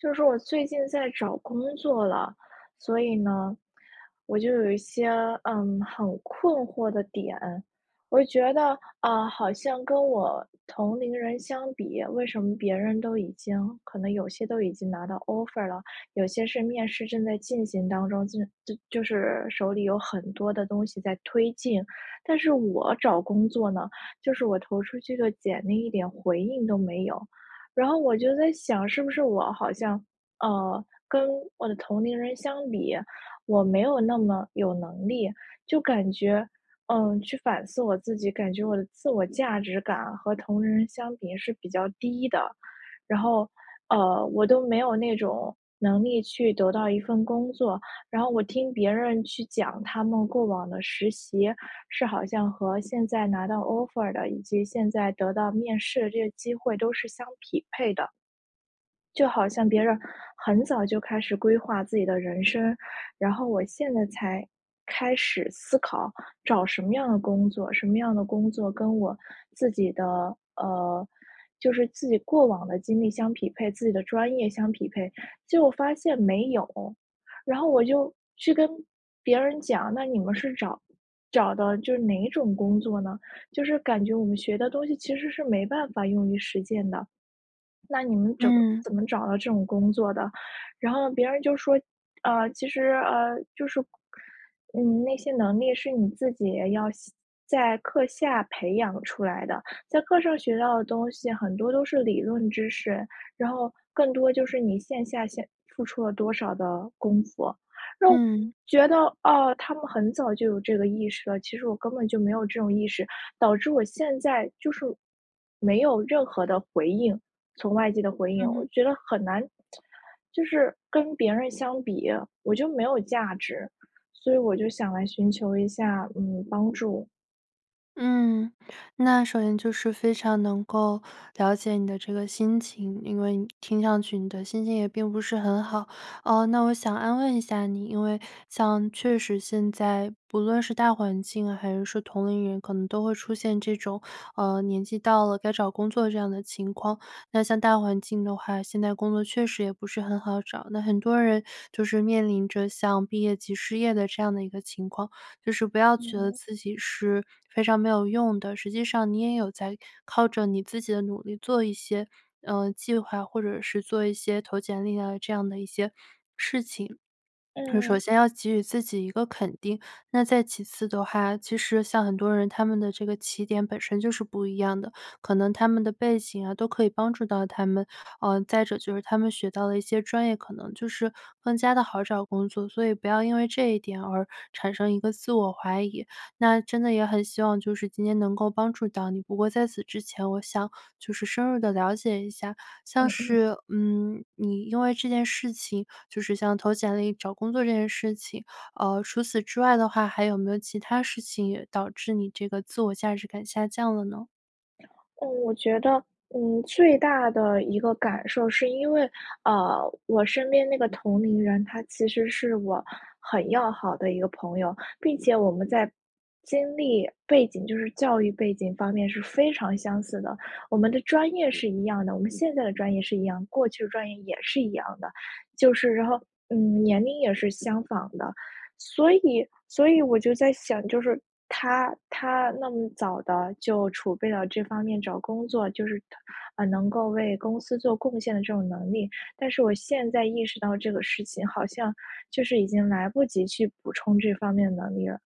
就是我最近在找工作了，所以呢，我就有一些，呃，很困惑的点。我觉得，啊，好像跟我同龄人相比，为什么别人都已经可能有些都已经拿到 Offer 了，有些是面试正在进行当中，就就就是手里有很多的东西在推进，但是我找工作呢，就是我投出去的简历一点回应都没有。然后我就在想是不是我好像，呃，跟我的同龄人相比，我没有那么有能力，就感觉，嗯，去反思我自己，感觉我的自我价值感和同龄人相比是比较低的，然后，呃，我都没有那种能力去得到一份工作，然后我听别人去讲，他们过往的实习是好像和现在拿到 Offer 的，以及现在得到面试的这个机会都是相匹配的。就好像别人很早就开始规划自己的人生。然后我现在才开始思考找什么样的工作，什么样的工作跟我自己的呃，就是自己过往的经历相匹配，自己的专业相匹配，结果发现没有。然后我就去跟别人讲，那你们是找找的就是哪种工作呢？就是感觉我们学的东西其实是没办法用于实践的。那你们怎么嗯。怎么找到这种工作的，然后别人就说，呃其实，呃就是，你那些能力是你自己要在课下培养出来的，在课上学到的东西很多都是理论知识，然后更多就是你线下先付出了多少的功夫，那我嗯。觉得，哦，他们很早就有这个意识了，其实我根本就没有这种意识，导致我现在就是没有任何的回应从外界的回应，嗯。我觉得很难，就是跟别人相比，我就没有价值，所以我就想来寻求一下，嗯，帮助。嗯，那首先就是非常能够了解你的这个心情，因为你听上去你的心情也并不是很好。呃，那我想要问一下你，因为像确实现在，不论是大环境，还是说同龄人，可能都会出现这种，呃，年纪到了，该找工作这样的情况。那像大环境的话，现在工作确实也不是很好找，那很多人就是面临着像毕业即失业的这样的一个情况，就是不要觉得嗯。自己是非常没有用的，实际上你也有在靠着你自己的努力做一些，呃，计划，或者是做一些投简历啊，这样的一些事情。首嗯。先要给予自己一个肯定。那再其次的话，其实像很多人他们的这个起点本身就是不一样的，可能他们的背景啊，都可以帮助到他们，呃，再者就是他们学到的一些专业，可能就是更加地好找工作，所以不要因为这一点而产生一个自我怀疑。那真的也很希望就是今天能够帮助到你。不过在此之前，我想就是深入地了解一下，像嗯嗯。是，嗯，你因为这件事情就是像投简历、找工作这件事情，呃，除此之外的话，还有没有其它事情也导致你这个自我价值感下降了呢？嗯，我觉得，嗯，最大的一个感受是因为，呃，我身边那个同龄人，他其实是我很要好的一个朋友，并且我们在经历、背景就是教育背景方面是非常相似的，我们的专业是一样的，我们现在的专业是一样，过去的专业也是一样的，就是然后，嗯，年龄也是相仿的。所以所以我就在想，就是他他那么早地就储备到这方面找工作就是他呃，能够为公司做贡献的这种能力，但是我现在意识到这个事情好像，就是已经来不及去补充这方面的能力了，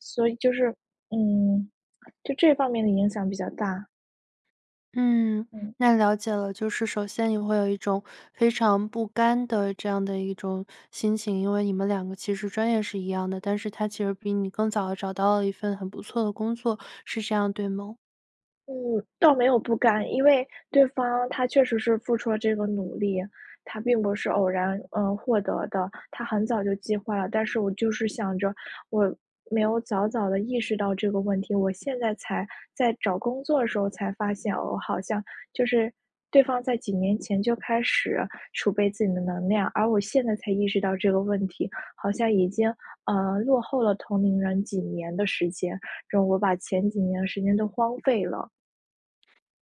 所以就是，嗯，就这方面的影响比较大。嗯，嗯。那了解了。就是首先你会有一种非常不甘的这样的一种心情，因为你们两个其实专业是一样的，但是他其实比你更早地找到了一份很不错的工作，是这样对吗？嗯，倒没有不甘。因为对方他确实是付出了这个努力，他并不是偶然，呃，获得的，他很早就计划了。但是我就是想着我没有早早地意识到这个问题，我现在才在找工作的时候才发现，哦，好像，就是对方在几年前就开始储备自己的能量，而我现在才意识到这个问题，好像已经，呃，落后了同龄人几年的时间，然后我把前几年的时间都荒废了。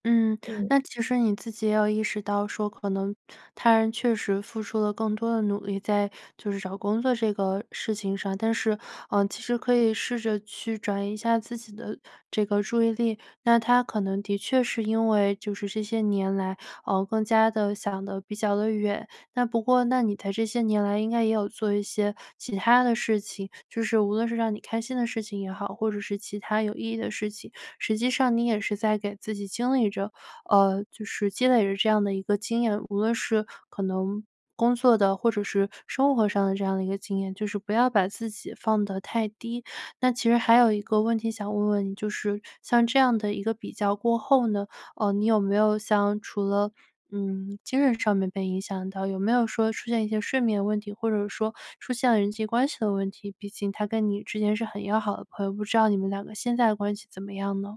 嗯，嗯。那其实你自己也有意识到说，可能他人确实付出了更多的努力，在就是找工作这个事情上。但是，呃，其实可以试着去转移一下自己的这个注意力。那他可能的确是因为就是这些年来，呃，更加地想得比较地远，那不过那你在这些年来应该也有做一些其它的事情，就是无论是让你开心的事情也好，或者是其它有意义的事情，实际上你也是在给自己经历着，呃，就是积累着这样的一个经验，无论是可能工作的，或者是生活上的这样的一个经验，就是不要把自己放得太低。那其实还有一个问题想问问你，就是像这样的一个比较过后呢，呃，你有没有像除了，嗯，精神上面被影响到，有没有说出现一些睡眠问题，或者说出现了人际关系的问题？毕竟他跟你之间是很要好的朋友，不知道你们两个现在的关系怎么样呢？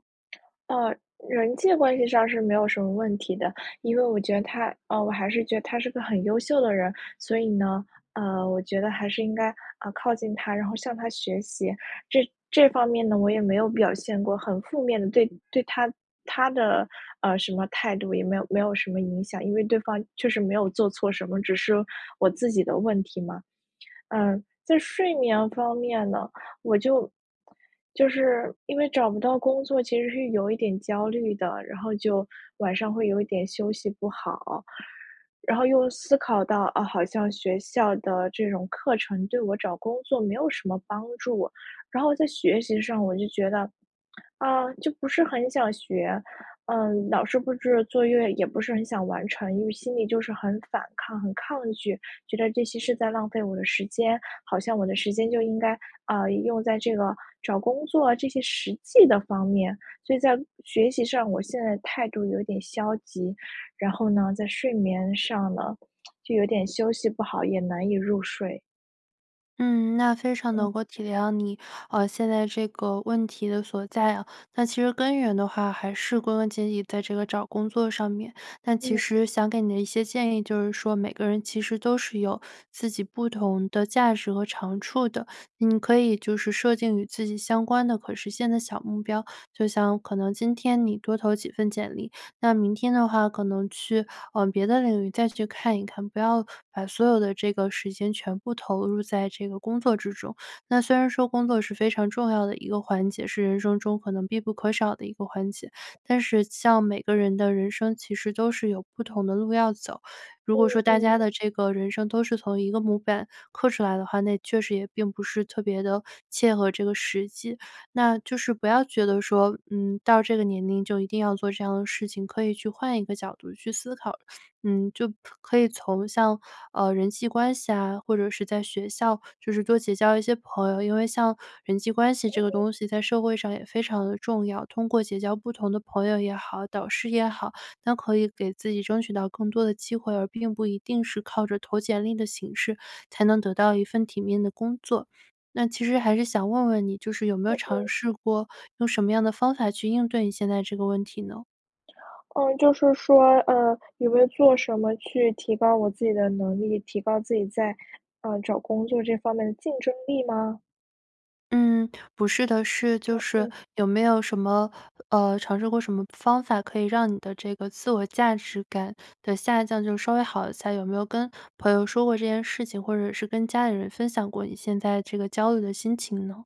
呃，人际关系上是没有什么问题的，因为我觉得他，呃，我还是觉得他是个很优秀的人。所以呢，呃，我觉得还是应该，呃，靠近他，然后向他学习。这这方面呢我也没有表现过很负面的，对对他他的，呃，什么态度也没有没有什么影响。因为对方确实没有做错什么，只是我自己的问题嘛。呃，在睡眠方面呢，我就就是，因为找不到工作其实是有一点焦虑的，然后就晚上会有一点休息不好。然后又思考到，啊，好像学校的这种课程对我找工作没有什么帮助，然后在学习上我就觉得，啊，就不是很想学，呃，老师布置作业也不是很想完成，因为心里就是很反抗、很抗拒，觉得这些是在浪费我的时间。好像我的时间就应该，呃，用在这个找工作这些实际的方面。所以在学习上，我现在态度有点消极，然后呢在睡眠上呢，就有点休息不好，也难以入睡。嗯，那非常嗯。能够体谅你，呃，现在这个问题的所在啊，那其实根源的话还是归根结底在这个找工作上面。但其嗯。实想给你的一些建议就是说，每个人其实都是有自己不同的价值和长处的，你可以就是设定与自己相关的可实现的小目标，就像可能今天你多投几份简历，那明天的话可能去，呃，别的领域再去看一看，不要把所有的这个时间全部投入在这个工作之中。那虽然说工作是非常重要的一个环节，是人生中可能必不可少的一个环节，但是像每个人的人生其实都是有不同的路要走。如果嗯说大家嗯。的这个人生都是从一个模板刻出来的话，那也确实也并不是特别地 切合这个实际。那就是不要觉得说，嗯，到这个年龄就一定要做这样的事情，可以去换一个角度去思考。嗯，就可以从像，呃，人际关系啊，或者是在学校就是多结交一些朋友，因为像人际关系这个 [unintelligible] 东西在社会上也非常地重要。通过结交不同的朋友也好、导师也好，那可以给自己争取到更多的机会，而并不一定是靠着投简历的形式才能得到一份体面的工作。那其实还是想问问你，就是有没有对对。尝试过用什么样的方法去应对你现在这个问题呢？呃，就是说，呃，有没有做什么去提高我自己的能力，提高自己在，呃，找工作这方面的竞争力吗？嗯，不是的，是就哦是哦。有没有什么呃，尝试过什么方法可以让你的这个自我价值感的下降就稍微好一下？就有没有跟朋友说过这件事情，或者是跟家里人分享过你现在这个焦虑的心情呢？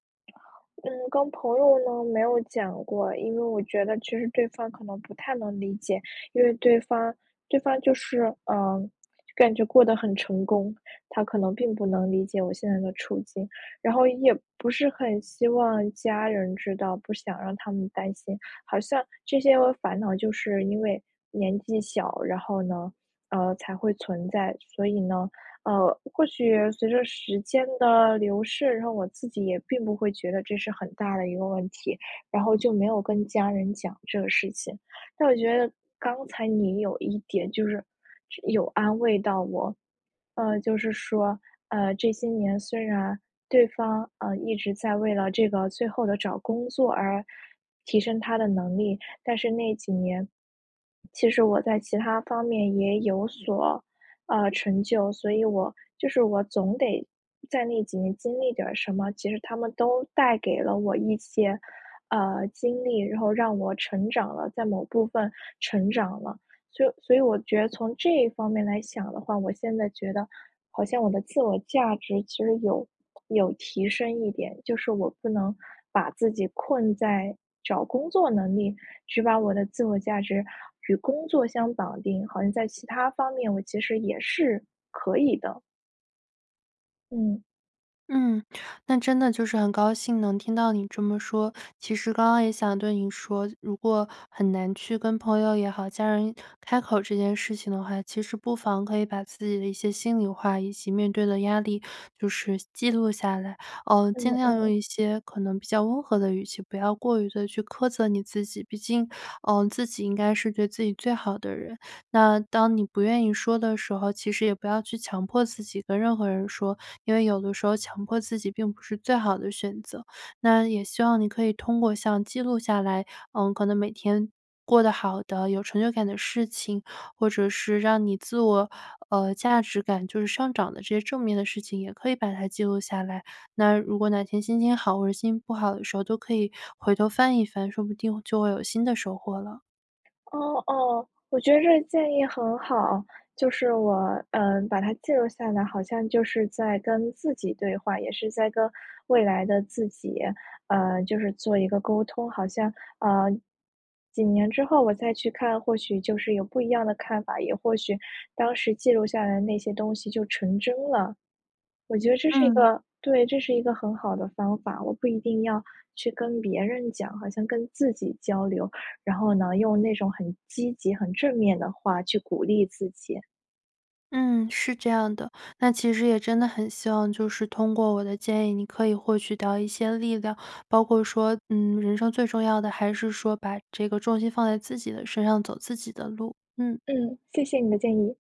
嗯，跟朋友呢没有讲过，因为我觉得其实对方可能不太能理解。因为对方对方就是，呃，感觉过得很成功，他可能并不能理解我现在的处境。然后也不是很希望家人知道，不想让他们担心。好像这些个烦恼，就是因为年纪小，然后呢，呃，才会存在。所以呢呃，或许随着时间的流逝，然后我自己也并不会觉得这是很大的一个问题，然后就没有跟家人讲这个事情。但我觉得刚才你有一点就是，就有安慰到我，呃，就是说，呃，这些年虽然对方，呃，一直在为了这个最后的找工作而提升他的能力，但是那几年，其实我在其他方面也有所，呃，成就，所以我就是我总得在那几年经历点儿什么，其实它们都带给了我一些，呃，经历，然后让我成长了在某部分成长了。所以所以我觉得从这方面来想的话，我现在觉得好像我的自我价值其实有有提升一点，就是我不能把自己困在找工作能力，只把我的自我价值与工作相绑定，好像在其他方面我其实也是可以的。嗯。嗯，那真的就是很高兴能听到你这么说，其实刚刚也想对你说，如果很难去跟朋友也好，家人开口这件事情的话。其实不妨可以把自己的一些心里话以及面对的压力就是记录下来，呃，尽嗯量用嗯。一些可能比较温和的语气，不要过于地去苛责你自己。毕竟，呃，自己应该是对自己最好的人，那当你不愿意说的时候，其实也不要去强迫自己跟任何人说，因为有的时候强迫自己并不是最好的选择，那也希望你可以通过像记录下来，呃，可能每天过得好的，有成就感的事情，或者是让你自我，呃，价值感就是上涨的这些正面的事情也可以把它记录下来。那如果哪天心情好或者心情不好的时候，都可以回头翻一翻，说不定就会有新的收获了。哦哦，我觉得这建议很好。就是我，呃，把它记录下来好像就是在跟自己对话，也是在跟未来的自己呃，就是做一个沟通，好像，呃，几年之后我再去看或许就是有不一样的看法，也或许当时记录下来的那些东西就成真了。我觉得这是一嗯。个对，这是一个很好的方法，我不一定要去跟别人讲好像跟自己交流。然后呢，用那种很积极很正面的话去鼓励自己。嗯，是这样的。那其实也真的很希望就是通过我的建议你可以获取到一些力量，包括说，嗯，人生最重要的还是说把这个重心放在自己的身上走自己的路，嗯。嗯，谢谢你的建议。